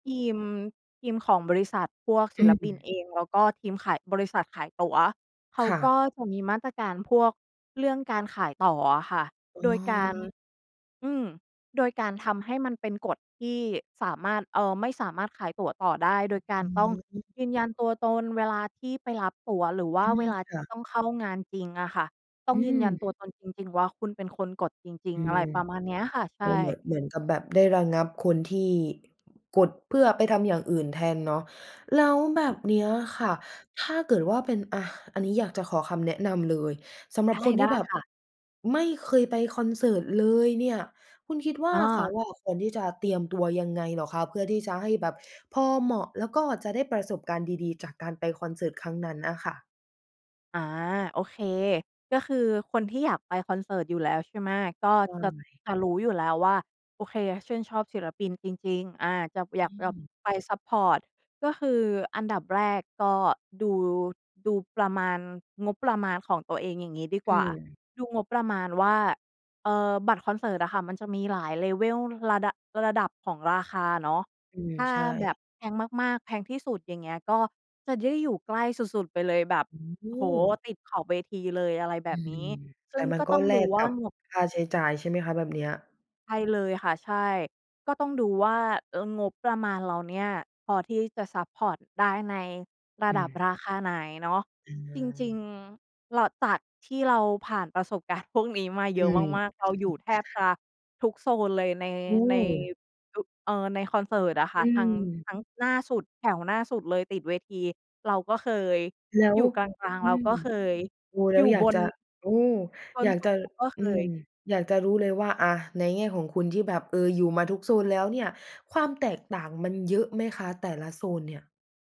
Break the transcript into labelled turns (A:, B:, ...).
A: ทีม ทีมของบริษัท พวก
B: อ
A: ศิ
B: ื
A: ลปิน
B: ม
A: เอง แล้วก็ทีมขายบริษัทขายตั๋ว เขา
B: ค่
A: ก
B: ะ
A: ็จะมีมาตรการพวกเรื่องการขายต่ออะค่ะ
B: อื
A: โดยการ
B: ม
A: อืม โดยการทำให้มันเป็นกฎที่สามารถ เอ่อ ไม่สามารถขายตั๋วต่อได้ โดยกา
B: อ
A: ร
B: ื
A: ต้อง
B: ม
A: ยืนยันตัวตนเวลาที่ไปรับตั๋วหรือว่
B: อ
A: า
B: ื
A: เว
B: ม
A: ลา
B: ค
A: ท
B: ่
A: ี
B: ะ
A: ่ต้องเข้างานจริงอะค่ะ ต้
B: อ
A: อง
B: ื
A: ยืนยัน
B: ม
A: ตัวตนจริง ๆ ว่าคุณเป็นคนกดจริ
B: อ
A: ง
B: ื
A: ๆ อะ
B: ม
A: ไรประมาณเนี้ยอะค่ะ ใ
B: โ
A: ช
B: อ้ เหมื
A: ่
B: อน เหมือนกับแบบได้ระงับคนที่ กดเพื่อไปทำอย่างอื่นแทนเนาะ แล้วแบบเนี้ยค
A: ค
B: ่
A: ่
B: ะ
A: ะ
B: ถ้าเกิดว่าเป็น อา อันนี้อยากจะขอคำแนะนำเลย สำหรั
A: ได
B: บ
A: ้
B: คนท
A: ไ
B: ี
A: ด
B: ่
A: ้
B: แบบ
A: ค่ะ
B: ไม่เคยไปคอนเสิร์ตเลยเนี่ย คุณคิดว่า
A: อ้
B: เขา
A: อ
B: อะควรที่จะเตรียมตัวยังไงเหรอคะ? เพื่อที่จะให้แบบพอเหมาะ แล้วก็จะได้ประสบการณ์ดี ๆ จากการไปคอนเสิร์ตครั้งนั้นน่ะค่ะ?
A: อา โอเค ก็คือคนที่อยากไปคอนเสิร์ตอยู่แล้ว ใช่ไหม ก็
B: ใ
A: จะ
B: ช่
A: จะรู้อยู่แล้วว่า โอเค ชื่นชอบศิลปินจริง ๆ อา จะ อย
B: อ
A: าก
B: ื
A: จะ
B: ม
A: ไปซัพพอร์ต ก็คืออันดับแรกก็ดู ดูประมาณ งบประมาณของตัวเอง อย่างงี้ดีก
B: อ
A: ว่า
B: ืม
A: ดูงบประมาณว่า เอ่อ บัตรคอนเสิร์ตอะค่ะมันจะมีหลาย Level ระ ระดับ ระดับของราคาเนาะ
B: อืม
A: ถ้า
B: ใช
A: แบ
B: ่
A: บแพงมาก ๆ แพงที่สุด อย่างเงี้ย ก็จะได้อยู่ใกล้สุด ๆ ไปเลยแบบ
B: อืม โอ
A: โอ้โฮ!
B: ้
A: ติดขอบเวทีเลย อะไรแบ
B: อื
A: บน
B: ม
A: ี้ ซ
B: แต
A: ึ่
B: ่
A: ง
B: มั
A: ก
B: น
A: ็
B: ก็
A: ต้อง
B: แล
A: ดู
B: ก
A: ว
B: ก
A: ่า
B: ับ
A: งบ
B: ค่าใช้จ่ายใช่ไหมคะ แบบเนี้ย?
A: ใช่เลยค่ะ ใช่ ก็ต้องดูว่า เออ งบประมาณเราเนี่ย พอที่จะซัพพอร์ตได้ในระ
B: อื
A: ดับ
B: ม
A: ราคาไหนเนาะ
B: อื
A: จริง
B: ม
A: ๆ เรา จากที่เราผ่านประสบการณ์พวกนี้มาเ
B: อ
A: ย
B: ื
A: อะ
B: ม
A: มาก ๆ เราอยู่แทบจะทุกโซนเลยใน
B: โอ
A: ใน
B: ้
A: อ เอ่อ ในคอนเสิร์ตอะค
B: อ
A: ่ะ ทั้ง
B: ืม
A: ทั้งหน้าสุด แถวหน้าสุดเลยติดเวที เราก็เคย
B: แล้ว
A: อยู่กลาง
B: อื
A: ๆ เรา
B: ม
A: ก็เคย
B: โอ้ แล
A: อย
B: ้
A: ู
B: ว
A: ่
B: อยา
A: บ
B: กจ
A: น
B: ะ โอ้
A: บ
B: อ
A: น
B: ยาก
A: สุ
B: จ
A: ด
B: ะ
A: เราก็เค
B: อืม
A: ย
B: อยากจะรู้เลยว่า อา ในแง่ของคุณที่แบบ เออ อยู่มาทุกโซนแล้วเนี่ย ความแตกต่างมันเยอะไหมคะ แต่ละโซนเนี่ย?